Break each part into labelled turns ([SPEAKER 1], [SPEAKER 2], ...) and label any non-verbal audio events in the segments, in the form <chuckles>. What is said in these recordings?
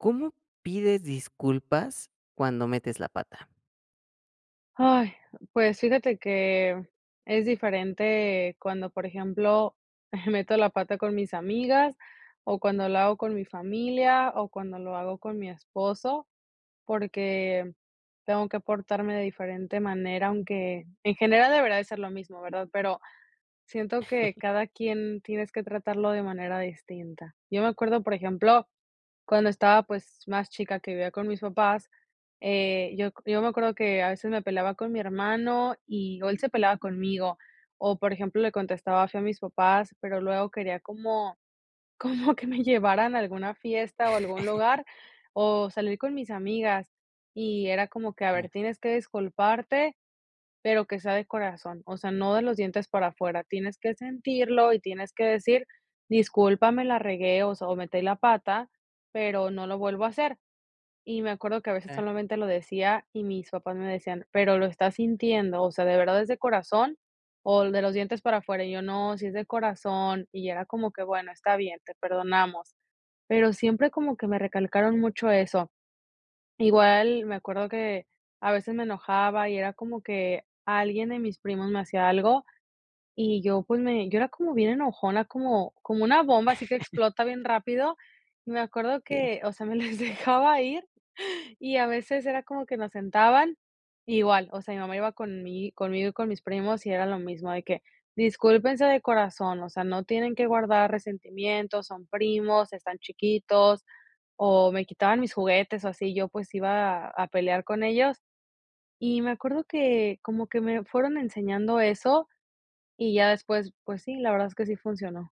[SPEAKER 1] ¿Cómo pides disculpas cuando metes la pata?
[SPEAKER 2] ¡Ay!, pues fíjate que, es diferente cuando, por ejemplo, <chuckles> meto la pata con mis amigas, o cuando lo hago con mi familia, o cuando lo hago con mi esposo, porque tengo que portarme de diferente manera, aunque en general, debería de ser lo mismo, ¿verdad?, pero, siento que cada quien tienes que tratarlo de manera distinta, yo me acuerdo, por ejemplo, cuando estaba, pues, más chica que vivía con mis papás, eh, yo c yo me acuerdo que a veces me peleaba con mi hermano y o él se peleaba conmigo, o por ejemplo, le contestaba feo a mis papás, pero luego quería como como que me llevaran a alguna fiesta o algún
[SPEAKER 1] <laughs>
[SPEAKER 2] lugar, o salir con mis amigas, y era como que: "A ver,
[SPEAKER 1] Mira.
[SPEAKER 2] tienes que disculparte, pero que sea de corazón, o sea, no de los dientes para afuera, tienes que sentirlo y tienes que decir, discúlpame, la regué, o sea, o metí la pata, pero no lo vuelvo a hacer", y me acuerdo que a veces
[SPEAKER 1] Ah.
[SPEAKER 2] solamente, lo decía y mis papás me decían: "¿Pero lo estás sintiendo?, o sea, ¿de verdad es de corazón o de los dientes para afuera?", y yo: "No, sí es de corazón", y era como que: "Bueno, está bien, te perdonamos", pero siempre como que me recalcaron mucho eso, igual, me acuerdo que a veces, me enojaba y era como que alguien de mis primos me hacía algo, y yo, pues, me yo era como bien enojona, como como una bomba, así que explota bien
[SPEAKER 1] <laughs>
[SPEAKER 2] rápido, me acuerdo
[SPEAKER 1] Okey.
[SPEAKER 2] que, o sea, me les dejaba ir, y a veces era como que nos sentaban, igual, o sea, mi mamá iba conmi conmigo y con mis primos y era lo mismo de que: "Discúlpense de corazón, o sea, no tienen que guardar resentimiento, son primos, están chiquitos", o me quitaban mis juguetes o así yo, pues, iba a pelear con ellos, y me acuerdo que, como que me fueron enseñando eso, y ya después, pues sí, la verdad es que sí funcionó.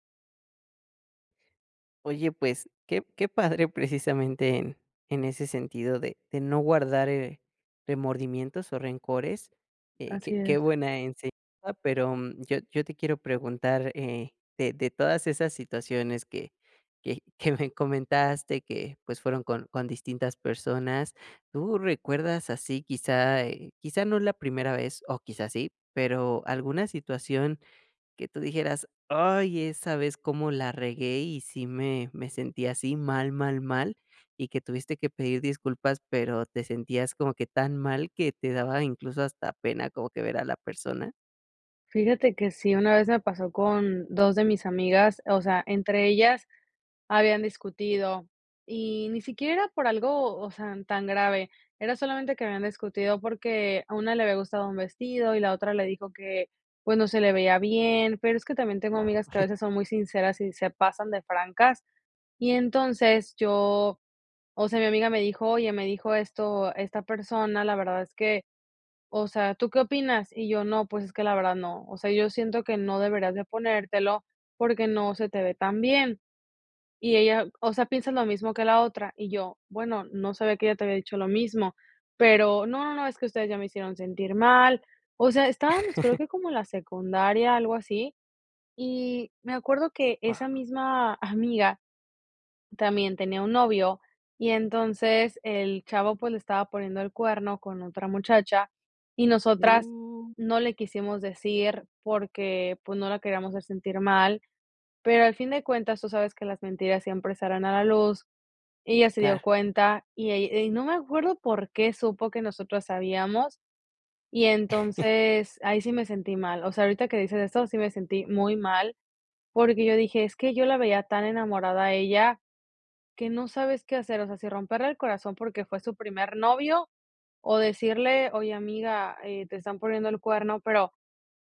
[SPEAKER 1] Oye, pues, qué qué padre. Precisamente en en ese sentido de de no guardar, eh, remordimientos o rencores, eh, qué
[SPEAKER 2] Así
[SPEAKER 1] qué
[SPEAKER 2] es.
[SPEAKER 1] buena enseñanza. Pero yo yo te quiero preguntar, eh, de de todas esas situaciones que que que me comentaste que, pues, fueron con con distintas personas, ¿tú recuerdas así, quizá, eh, quizá no es la primera vez o quizá sí, pero, alguna situación que tú dijeras: "Ay, esa vez cómo la regué y sí me me sentí así, mal, mal, mal", y que tuviste que pedir disculpas, pero te sentías como que tan mal que te daba incluso hasta pena como que ver a la persona?
[SPEAKER 2] Fíjate que sí. Una vez me pasó con 2 de mis amigas, o sea, entre ellas habían discutido y ni siquiera era por algo, o sea, tan grave. Era solamente que habían discutido porque a una le había gustado un vestido y la otra le dijo que, pues no se le veía bien, pero es que también tengo amigas que a
[SPEAKER 1] <chuckles>
[SPEAKER 2] veces son muy sinceras y se pasan de francas. Y entonces yo, o sea, mi amiga me dijo: "Oye, me dijo esto, esta persona, la verdad es que, o sea, ¿tú qué opinas?" Y yo: "No, pues es que la verdad no. O sea, yo siento que no deberías de ponértelo porque no se te ve tan bien". Y ella: "O sea, ¿piensas lo mismo que la otra?". Y yo: "Bueno, no sabía que ella te había dicho lo mismo, pero 'No, no, no, es que ustedes ya me hicieron sentir mal'". O sea, estábamos creo
[SPEAKER 1] <chuckles>
[SPEAKER 2] que como la secundaria, algo así. Y me acuerdo que esa
[SPEAKER 1] Guau.
[SPEAKER 2] misma amiga también tenía un novio y entonces el chavo, pues, le estaba poniendo el cuerno con otra muchacha y nosotras
[SPEAKER 1] Uh.
[SPEAKER 2] no le quisimos decir porque, pues, no la queríamos hacer sentir mal, pero al fin de cuentas tú sabes que las mentiras siempre salen a la luz. Ella se dio
[SPEAKER 1] Claro.
[SPEAKER 2] cuenta y ell y no me acuerdo por qué supo que nosotras sabíamos. Y
[SPEAKER 1] <chuckles>
[SPEAKER 2] entonces ahí sí me sentí mal. O sea, ahorita que dices eso, sí me sentí muy mal porque yo dije: "Es que yo la veía tan enamorada a ella que no sabes qué hacer". O sea, si romperle el corazón porque fue su primer novio o decirle: "Oye, amiga, eh, te están poniendo el cuerno". Pero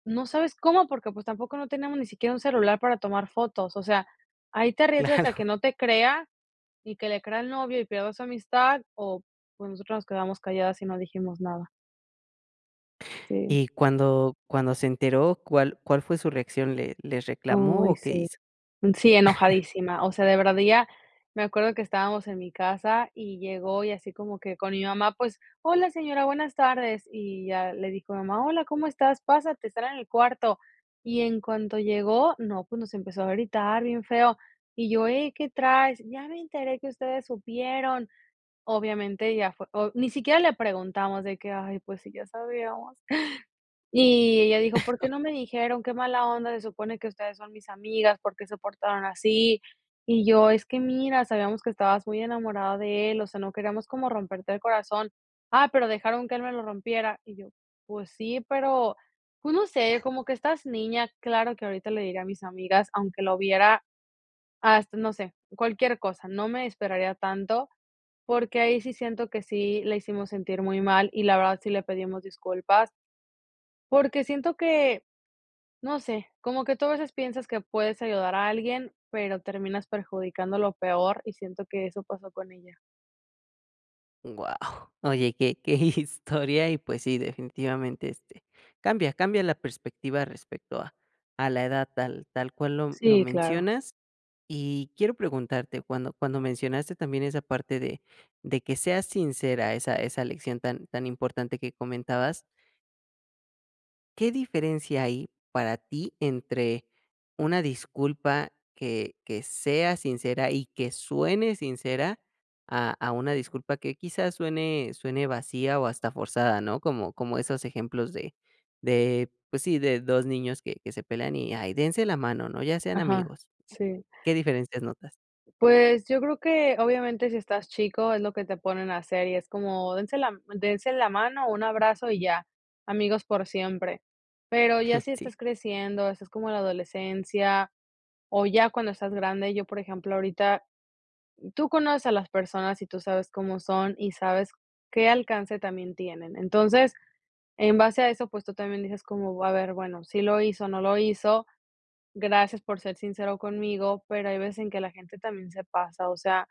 [SPEAKER 2] no sabes cómo porque pues tampoco no teníamos ni siquiera un celular para tomar fotos. O sea, ahí te arriesgas a que
[SPEAKER 1] Claro.
[SPEAKER 2] no te crea y que le crea al novio y pierdo esa amistad o pues nosotros nos quedamos calladas y no dijimos nada. Sí.
[SPEAKER 1] Y cuando cuando se enteró, ¿cuál cuál fue su reacción? ¿Le les reclamó
[SPEAKER 2] Uy,
[SPEAKER 1] o qué
[SPEAKER 2] sí.
[SPEAKER 1] hizo?
[SPEAKER 2] Sí,
[SPEAKER 1] <chuckles>
[SPEAKER 2] enojadísima. O sea, de verdad ella me acuerdo que estábamos en mi casa y llegó y así como que con mi mamá, pues: "Hola, señora. Buenas tardes". Y ya le dijo mi mamá: "Hola, ¿cómo estás? Pásate, están en el cuarto". Y en cuanto llegó, no, pues, nos empezó a gritar bien feo. Y yo: "Hey, ¿qué traes? 'Ya me enteré que ustedes supieron'". Obviamente ya fue o ni siquiera le preguntamos de que: "Ay, pues, sí ya sabíamos". Y ella dijo: "¿Por qué
[SPEAKER 1] <chuckles>
[SPEAKER 2] no me dijeron? Qué mala onda, se supone que ustedes son mis amigas, ¿por qué se portaron así?". Y yo: "Es que mira, sabíamos que estabas muy enamorada de él, o sea, no queríamos como romperte el corazón. 'Ah, pero dejaron que él me lo rompiera'". Y yo: "Pues sí, pero". Pues no sé, como que estás niña, claro que ahorita le diría a mis amigas, aunque lo viera hasta, no sé, cualquier cosa. No me esperaría tanto, porque ahí sí siento que sí la hicimos sentir muy mal y la verdad sí le pedimos disculpas porque siento que, no sé, como que tú a veces piensas que puedes ayudar a alguien, pero terminas perjudicándolo peor. Y siento que eso pasó con ella.
[SPEAKER 1] Guau, oye, que que historia y, pues sí, definitivamente, este, cambia cambia la perspectiva respecto a a la edad tal tal cual lo lo
[SPEAKER 2] Sí, claro.
[SPEAKER 1] mencionas, y quiero preguntarte cuando cuando mencionaste también esa parte de de que seas sincera esa esa lección tan tan importante que comentabas. ¿Qué diferencia hay para ti entre una disculpa que que sea sincera y que suene sincera a a una disculpa que quizás suene suene vacía o hasta forzada, ¿no?, como como esos ejemplos de de, pues sí, de 2 niños que que se pelan y ahí, dense la mano, ¿no?, ya sean
[SPEAKER 2] Ajá.
[SPEAKER 1] amigos,
[SPEAKER 2] Sí.
[SPEAKER 1] ¿qué diferencias notas?
[SPEAKER 2] Pues, yo creo que, obviamente, si estás chico, es lo que te ponen a hacer, y es como, dense la m dense la mano, un abrazo y ya, amigos por siempre, pero ya si
[SPEAKER 1] <laughs> Sí.
[SPEAKER 2] estás creciendo, haces como la adolescencia, o ya cuando estás grande, yo, por ejemplo, ahorita, tú conoces a las personas y tú sabes cómo son y sabes qué alcance también tienen, entonces, en base a eso, pues, tú también dices como, a ver, bueno, sí lo hizo, no lo hizo, gracias por ser sincero conmigo, pero hay veces en que la gente también se pasa, o sea,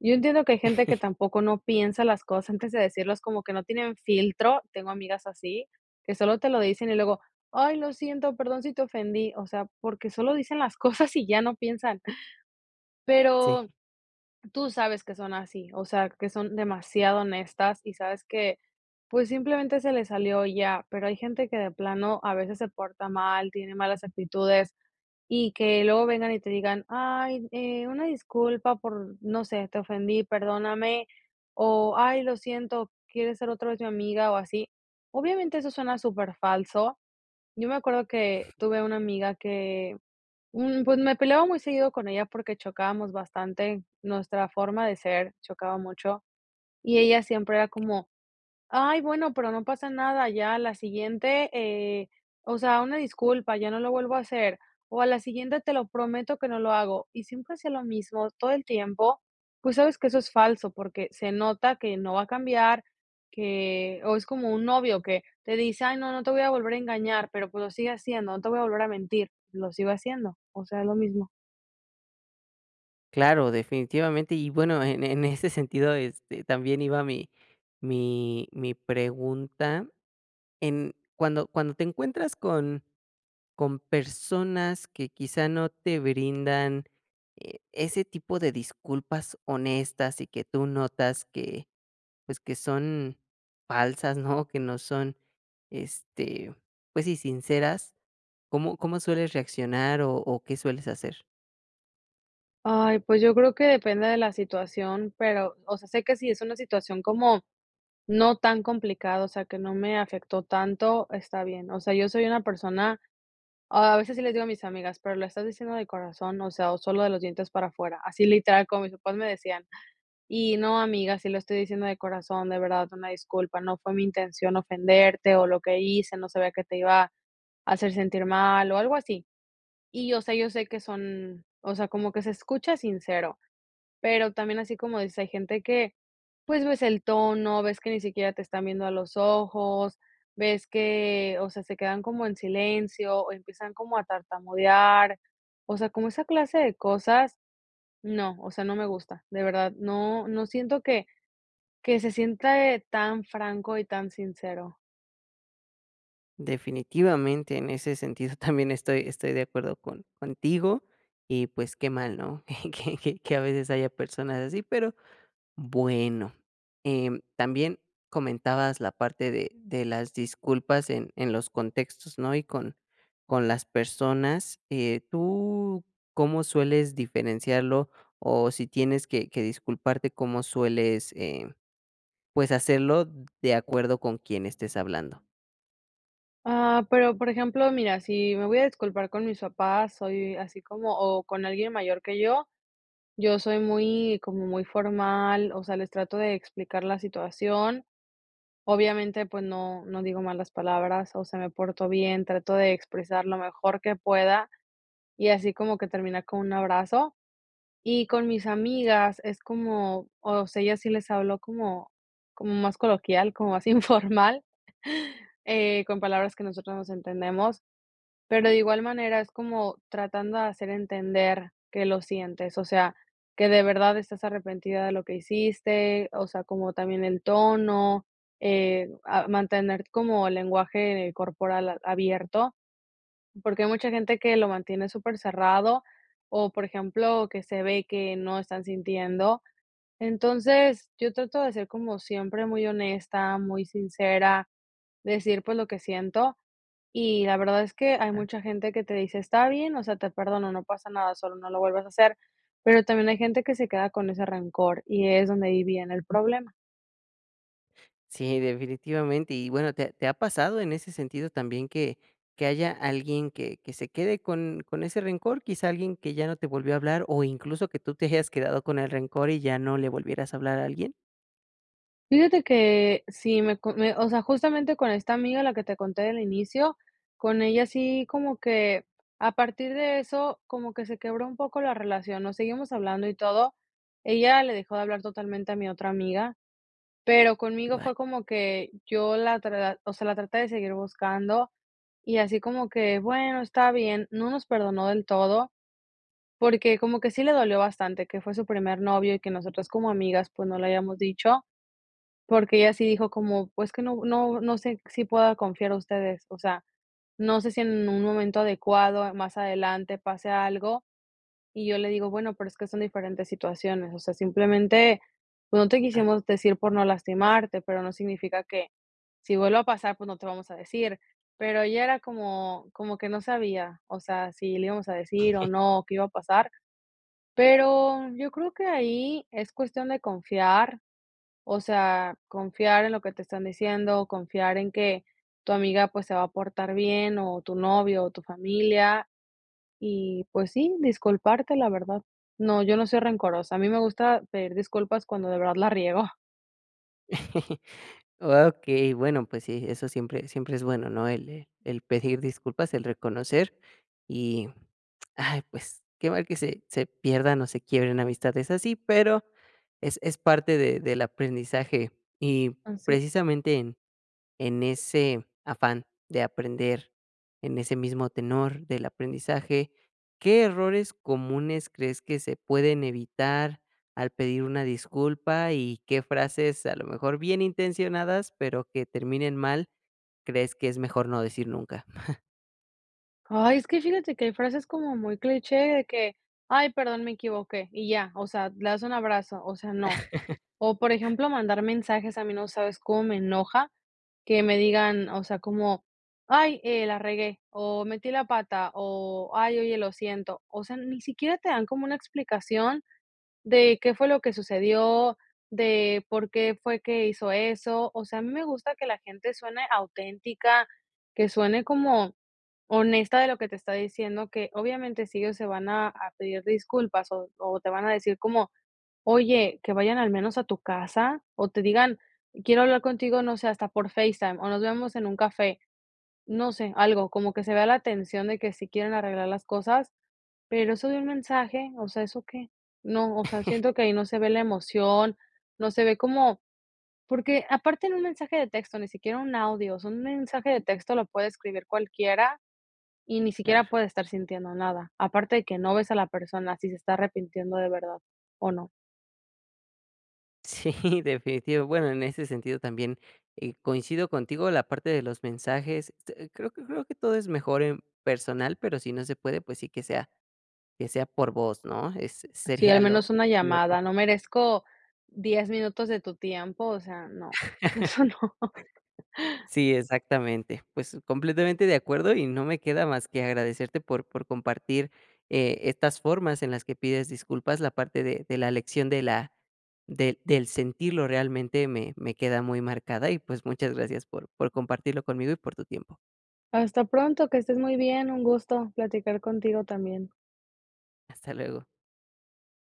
[SPEAKER 2] yo entiendo que hay gente que
[SPEAKER 1] <chuckles>
[SPEAKER 2] tampoco no piensa las cosas antes de decirlas como que no tienen filtro, tengo amigas así, que solo te lo dicen y luego, ay lo siento, perdón si te ofendí, o sea, porque solo dicen las cosas y ya no piensan pero,
[SPEAKER 1] Sí.
[SPEAKER 2] tú sabes que son así, o sea, que son demasiado honestas y sabes que, pues, simplemente se le salió y ya, pero hay gente que de plano a veces se porta mal, tiene malas actitudes y que luego vengan y te digan: "ay, eh, una disculpa por, no sé, te ofendí, perdóname", o, "ay, lo siento, ¿quieres ser otra vez mi amiga?", o así, obviamente, eso suena súper falso, yo me acuerdo que tuve una amiga que, mm, pues, me peleaba muy seguido con ella porque chocábamos bastante nuestra forma de ser, chocaba mucho, y ella siempre era como: "ay bueno, pero no pasa nada", ya a la siguiente, eh, o sea, "una disculpa, ya no lo vuelvo a hacer", o a la siguiente: "te lo prometo que no lo hago", y siempre hacía lo mismo todo el tiempo, pues sabes que, eso es falso, porque se nota que no va a cambiar, que o es como un novio que te dice: "ay no, no te voy a volver a engañar", pero pues, lo sigue haciendo, "no te voy a volver a mentir", lo sigo haciendo, o sea, es lo mismo.
[SPEAKER 1] Claro, definitivamente. Y bueno, en en ese sentido, este, también iba mi mi mi pregunta. En cuando cuando te encuentras con con personas que quizá no te brindan e ese tipo de disculpas honestas y que tú notas que, pues, que son falsas, ¿no? Que no son, este, pues sí sinceras, ¿cómo cómo sueles reaccionar o o qué sueles hacer?
[SPEAKER 2] Ay, pues yo creo que depende de la situación, pero, o sea, sé que sí es una situación como no tan complicada, o sea, que no me afectó tanto, está bien. O sea, yo soy una persona a veces sí les digo a mis amigas: "¿Pero le estás diciendo de corazón, o sea, o solo de los dientes para afuera?". Así literal, como mis papás me decían. Y: "No, amiga, sí lo estoy diciendo de corazón, de verdad, una disculpa, no fue mi intención ofenderte o lo que hice, no sabía que te iba a hacer sentir mal", o algo así. Y yo sé yo sé que son o sea, como que se escucha sincero, pero también así como dices, hay gente que, pues ves el tono, ves que ni siquiera te están viendo a los ojos, ves que, o sea, se quedan como en silencio o empiezan como a tartamudear. O sea, como esa clase de cosas, no. O sea, no me gusta. De verdad, no no siento que que se sienta eh, tan franco y tan sincero.
[SPEAKER 1] Definitivamente, en ese sentido, también estoy estoy de acuerdo con contigo y, pues, qué mal, ¿no? Que que que a veces haya personas así, pero bueno, em, también comentabas la parte de de las disculpas en en los contextos, ¿no? Y con con las personas, eh, ¿tú cómo sueles diferenciarlo? O si tienes que que disculparte, ¿cómo sueles, eh, pues hacerlo de acuerdo con quién estés hablando?
[SPEAKER 2] Ah, pero, por ejemplo, mira, si me voy a disculpar con mis papás, soy así como o con alguien mayor que yo, yo soy muy como muy formal, o sea, les trato de explicar la situación, obviamente, pues no no digo malas palabras, o sea, me portó bien, trato de expresar lo mejor que pueda y así como que terminar con un abrazo. Y con mis amigas es como, o sea, a ellas sí les hablo como como más coloquial, como más informal, eh, con palabras que nosotros nos entendemos, pero de igual manera es como tratando de hacer entender que lo sientes, o sea, que de verdad estás arrepentida de lo que hiciste, o sea, como también el tono, eh, a mantener como el lenguaje corporal a abierto, porque hay mucha gente que lo mantiene supercerrado o, por ejemplo, que se ve que no están sintiendo, entonces, yo trato de ser, como siempre, muy honesta, muy sincera, decir, pues lo que siento, y la verdad es que hay
[SPEAKER 1] Tan.
[SPEAKER 2] mucha gente que te dice: "Está bien, o sea, te perdono, no pasa nada sólo, no lo vuelves a hacer". Pero también hay gente que se queda con ese rencor y es donde ahí viene el problema.
[SPEAKER 1] Sí, definitivamente. Y bueno, ¿te te ha pasado en ese sentido también que que haya alguien que que se quede con con ese rencor? ¿Quizá alguien que ya no te volvió a hablar? ¿O incluso que tú te hayas quedado con el rencor y ya no le volvieras a hablar a alguien?
[SPEAKER 2] Fíjate que, sí, me co me o sea, justamente con esta amiga, la que te conté del inicio, con ella sí como que, a partir de eso, como que se quebró un poco la relación, nos seguimos hablando y todo. Ella le dejó de hablar totalmente a mi otra amiga, pero conmigo
[SPEAKER 1] Vaya.
[SPEAKER 2] fue como que, yo la tra o sea, la traté de seguir buscando, y así como que, bueno, está bien, no nos perdonó del todo, porque como que sí le dolió bastante, que fue su primer novio y que nosotras como amigas, pues, no le hayamos dicho, porque ella sí dijo como: "Pues, que no no no sé, si pueda confiar en ustedes, o sea, no sé, si en un momento adecuado más adelante pase algo", y yo le digo: "Bueno, pero es que son diferentes situaciones, o sea, simplemente, pues no te
[SPEAKER 1] Ah.
[SPEAKER 2] quisimos decir por no lastimarte", pero no significa que si vuelve a pasar, pues, no te vamos a decir". Pero ya era como como que no sabía, o sea, si le íbamos a decir o
[SPEAKER 1] <chuckles>
[SPEAKER 2] no, o qué iba a pasar. Pero, yo creo que ahí, es cuestión de confiar, o sea, confiar en lo que te están diciendo, confiar en que tu amiga, pues, se va a portar bien, o tu novio, o tu familia. Y, pues, sí, disculparte, la verdad. No, yo no soy rencorosa. A mí me gusta pedir disculpas cuando de verdad la riego.
[SPEAKER 1] <chuckles> Okey, bueno, pues sí, eso siempre siempre es bueno, ¿no?, el, eh, el pedir disculpas, el reconocer, y, ay, pues, que mal que se se pierdan o se quiebren amistades así, pero es es parte de del aprendizaje y,
[SPEAKER 2] Así.
[SPEAKER 1] precisamente, en en ese afán de aprender, en ese mismo tenor del aprendizaje, ¿qué errores comunes crees que se pueden evitar al pedir una disculpa y qué frases, a lo mejor bien intencionadas, pero que terminen mal, crees que es mejor no decir nunca? <chuckles>
[SPEAKER 2] Ay, es que fíjate que hay frases como muy cliché de que: "Ay, perdón, me equivoqué", y ya, o sea, le das un abrazo, o sea, no. O por
[SPEAKER 1] <chuckles>
[SPEAKER 2] ejemplo, mandar mensajes a mí, no sabes cómo me enoja, que me digan, o sea, como: "Ay, eh, la regué, o metí la pata, o, ay, oye, lo siento". O sea, ni siquiera te dan como una explicación de qué fue lo que sucedió, de por qué fue que hizo eso. O sea, a mí me gusta que la gente suene auténtica, que suene como, honesta de lo que te está diciendo, que obviamente sí ellos se van a a pedir disculpas o o te van a decir como: "Oye, que vayan al menos a tu casa" o te digan: "Quiero hablar contigo", no sé, hasta por FaceTime o "Nos vemos en un café". No sé, algo, como que se vea la atención de que sí quieren arreglar las cosas, pero eso de un mensaje, o sea, ¿eso qué?, no, o sea,
[SPEAKER 1] <chuckles>
[SPEAKER 2] siento que ahí no se ve la emoción, no se ve como porque aparte en un mensaje de texto, ni siquiera un audio, o sea un mensaje de texto lo puede escribir cualquiera y ni siquiera
[SPEAKER 1] Claro.
[SPEAKER 2] puede estar sintiendo nada. Aparte de que no ves a la persona, si se está arrepintiendo de verdad o no.
[SPEAKER 1] Sí, <chuckles> definitivo. Bueno, en ese sentido también, eh, coincido contigo la parte de los mensajes, este, creo que creo que todo es mejor en personal, pero si no se puede, pues sí que sea que sea por voz, ¿no?, es
[SPEAKER 2] Sí, al
[SPEAKER 1] sería
[SPEAKER 2] menos
[SPEAKER 1] lo
[SPEAKER 2] una
[SPEAKER 1] lo me.
[SPEAKER 2] llamada, ¿no merezco 10 minutos de tu tiempo?, o sea, no,
[SPEAKER 1] <chuckles>
[SPEAKER 2] eso no. <chuckles>
[SPEAKER 1] Sí, exactamente. Pues completamente de acuerdo y no me queda más que agradecerte por por compartir eh, estas formas en las que pides disculpas. La parte de de la lección de la del del sentirlo realmente me me queda muy marcada y, pues, muchas gracias por por compartirlo conmigo y por tu tiempo.
[SPEAKER 2] Hasta pronto, que estés muy bien, un gusto platicar contigo también.
[SPEAKER 1] Hasta luego.